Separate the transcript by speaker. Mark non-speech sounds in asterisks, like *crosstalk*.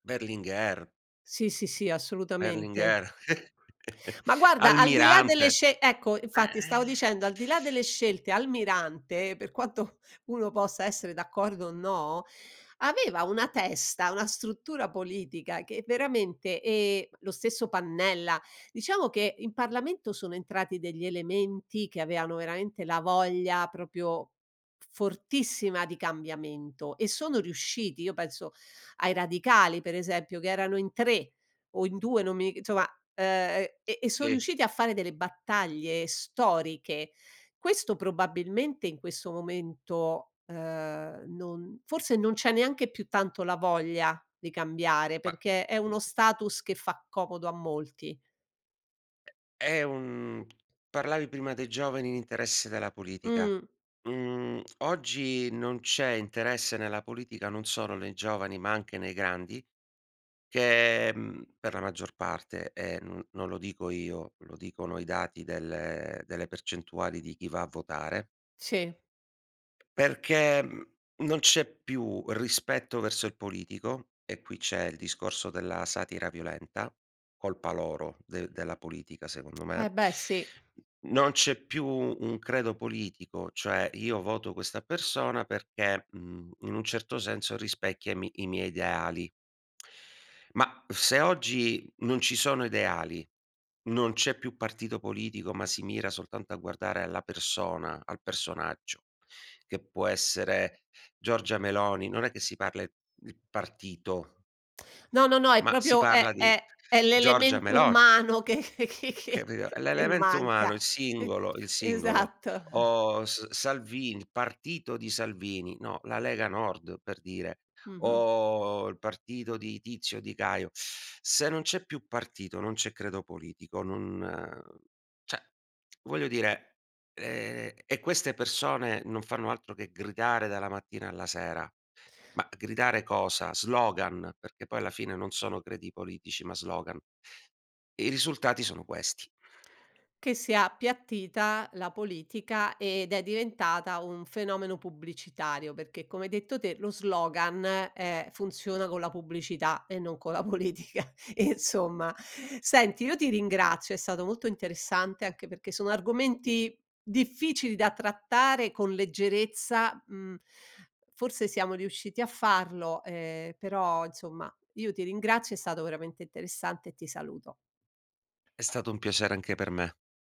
Speaker 1: Berlinguer.
Speaker 2: Sì, sì, sì, assolutamente.
Speaker 1: Berlinguer. *chuckles*
Speaker 2: Ma guarda, al di là delle
Speaker 1: Almirante.
Speaker 2: sce ecco, infatti
Speaker 1: Eh-eh.
Speaker 2: stavo
Speaker 1: *exhales*
Speaker 2: dicendo, al di là delle scelte, Almirante, per quanto uno possa essere d'accordo o no, aveva una testa, una struttura politica che veramente e lo stesso Pannella. Diciamo che in Parlamento sono entrati degli elementi, che avevano veramente la voglia proprio fortissima di cambiamento e sono riusciti. Io penso ai Radicali per esempio, che erano in 3 o in 2, non mi ig insomma, uhm, e e so
Speaker 1: Sì.
Speaker 2: riusciti a fare delle battaglie storiche. Questo probabilmente in questo momento, uhm, non forse non c'è neanche più tanto la voglia di cambiare,
Speaker 1: Ba
Speaker 2: perché è uno status che fa comodo a molti.
Speaker 1: È un parlavi prima dei giovani in interesse della politica.
Speaker 2: Mh.
Speaker 1: Mhmm, oggi non c'è interesse nella politica, non solo nei giovani, ma anche nei grandi che, mhmm, per la maggior parte e no non lo dico io, lo dicono i dati delle delle percentuali di chi va a votare.
Speaker 2: Sì.
Speaker 1: Perché, mhmm, non c'è più rispetto verso il politico. E qui c'è il discorso della satira violenta. Colpa loro de della politica, secondo
Speaker 2: Eh,
Speaker 1: me.
Speaker 2: beh! Sì.
Speaker 1: Non c'è più un credo politico. Cioè io voto questa persona perché, mhmm, in un certo senso rispecchia i mi i miei ideali. Ma se oggi non ci sono ideali, non c'è più partito politico, ma si mira soltanto a guardare alla persona, al personaggio, che può essere Giorgia Meloni, non è che si parla il partito.
Speaker 2: No, no, no, è
Speaker 1: Ma si
Speaker 2: proprio
Speaker 1: parla
Speaker 2: è
Speaker 1: di
Speaker 2: è è
Speaker 1: Giorgia
Speaker 2: l'elemento
Speaker 1: Melo
Speaker 2: umano che
Speaker 1: Capito?
Speaker 2: *chuckles*
Speaker 1: È
Speaker 2: e
Speaker 1: l'elemento
Speaker 2: manca.
Speaker 1: umano, il singolo il singolo.
Speaker 2: Esatto.
Speaker 1: O S Salvini, il partito di Salvini, no, la Lega Nord per dire,
Speaker 2: Mh-mh.
Speaker 1: o il partito di Tizio, di Caio. Se non c'è più partito, non c'è credo politico, non uhm, cioè voglio dire ehm, e queste persone non fanno altro che gridare dalla mattina alla sera. Ma gridare cosa? Slogan, perché poi alla fine non sono credi politici, ma slogan. I risultati sono questi.
Speaker 2: Che sia appiattita la politica ed è diventata un fenomeno pubblicitario, perché come hai detto te, lo slogan, eh, funziona con la pubblicità e no co' la politica e insomma. Senti, io ti ringrazio, è stato molto interessante, anche perché sono argomenti difficili da trattare con leggerezza, mhmm. Forse siamo riusciti a farlo e però, insomma, io ti ringrazio, è stato veramente interessante e ti saluto.
Speaker 1: È stato un piacere anche per me.